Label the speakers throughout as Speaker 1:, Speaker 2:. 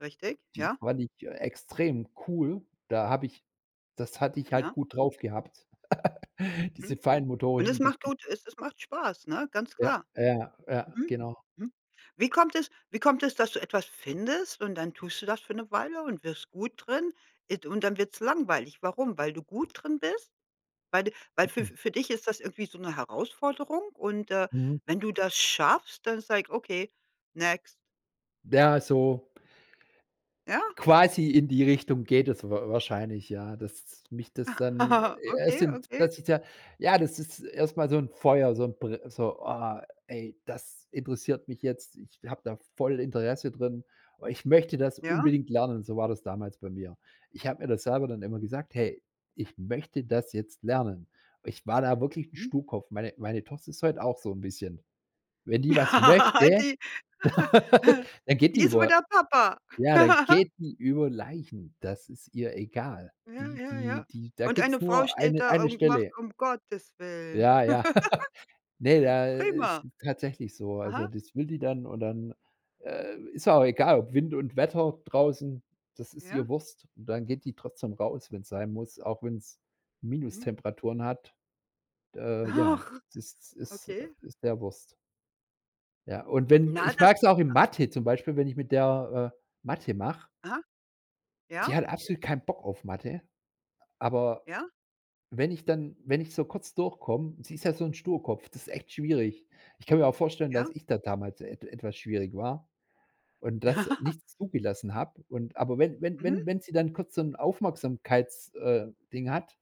Speaker 1: Richtig.
Speaker 2: Die
Speaker 1: Ja.
Speaker 2: fand ich extrem cool. Da hab ich das hatte ich halt
Speaker 1: Ja.
Speaker 2: gut drauf gehabt, diese
Speaker 1: Mhm. Und es
Speaker 2: feinmotorischen
Speaker 1: macht
Speaker 2: Gesten.
Speaker 1: gut es es macht Spaß, ne? Ganz
Speaker 2: Ja,
Speaker 1: klar.
Speaker 2: ja, ja,
Speaker 1: Mhm.
Speaker 2: genau.
Speaker 1: Mhm. Wie kommt es wie kommt es, dass du etwas findest, und dann tust du das für 'ne Weile und wirst gut drin id und dann wird's langweilig. Warum? Weil du gut drin bist? Weil du weil
Speaker 2: Mh
Speaker 1: fü
Speaker 2: mh.
Speaker 1: für dich ist das irgendwie so 'ne Herausforderung und, äh,
Speaker 2: Mhm.
Speaker 1: wenn du das schaffst, dann sag ich: „Okay, next.“
Speaker 2: Ja, so
Speaker 1: Ja.
Speaker 2: quasi in die Richtung geht es wa wahrscheinlich, ja. Dass mich das dann äh, es
Speaker 1: Okay,
Speaker 2: sind
Speaker 1: okay.
Speaker 2: das ist ja ja, das ist erstmal so 'n Feuer, so 'n br so: „Boah, ey, das interessiert mich jetzt." Ich hab da voll Interesse drin. Ich möchte das
Speaker 1: Ja.
Speaker 2: unbedingt lernen. So war das damals bei mir. Ich hab mir das selber dann immer
Speaker 1: Mhm.
Speaker 2: gesagt: „Hey, ich möchte das jetzt lernen.“ Ich war da wirklich 'n
Speaker 1: Mhm.
Speaker 2: Sturkopf. Meine meine Tochter ist heut auch so 'n bisschen. Wenn die was möchte,
Speaker 1: Die
Speaker 2: dann geht die
Speaker 1: die ist wie
Speaker 2: über
Speaker 1: der Papa.
Speaker 2: ja, dann geht die über Leichen. Das ist ihr egal.
Speaker 1: Ja,
Speaker 2: Die
Speaker 1: ja,
Speaker 2: die
Speaker 1: ja.
Speaker 2: die da
Speaker 1: Und
Speaker 2: gibt's
Speaker 1: eine Frau
Speaker 2: nur
Speaker 1: steht
Speaker 2: eine
Speaker 1: da
Speaker 2: eine
Speaker 1: und macht:
Speaker 2: Stelle.
Speaker 1: „Um Gottes Willen."
Speaker 2: Ja, ja. Ne, da ist
Speaker 1: Prima.
Speaker 2: tatsächlich so. Also,
Speaker 1: Aha.
Speaker 2: das will die dann, und dann, äh, ist ihr auch egal, ob Wind und Wetter draußen, das ist
Speaker 1: Ja.
Speaker 2: ihr Wurst. Und dann geht die trotzdem raus, wenn's sein muss, auch wenn's
Speaker 1: Mhm.
Speaker 2: Minustemperaturen hat. Äh, ja,
Speaker 1: Ach.
Speaker 2: es ist ist
Speaker 1: Okay.
Speaker 2: ist der Wurst. Ja, und wenn
Speaker 1: Na,
Speaker 2: ich
Speaker 1: das
Speaker 2: mag's auch in Mathe zum Beispiel, wenn ich mit der, äh, Mathe mach
Speaker 1: Aha.
Speaker 2: Die
Speaker 1: Ja.
Speaker 2: hat absolut keinen Bock auf Mathe, aber
Speaker 1: Ja.
Speaker 2: wenn ich dann wenn ich so kurz durchkomm sie ist ja so 'n Sturkopf, das ist echt schwierig. Ich kann mir auch vorstellen, dass
Speaker 1: Ja.
Speaker 2: ich da damals et etwas schwierig war und das
Speaker 1: Ja.
Speaker 2: nicht zugelassen hab, und aber wenn wenn
Speaker 1: Mhm.
Speaker 2: wenn wenn sie dann kurz so 'n Aufmerksamkeits äh, Ding hat,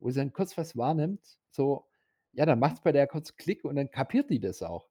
Speaker 2: wo sie dann kurz was wahrnimmt, so, ja, dann
Speaker 1: Mhm.
Speaker 2: macht's bei der kurz Klick und dann kapiert die das auch.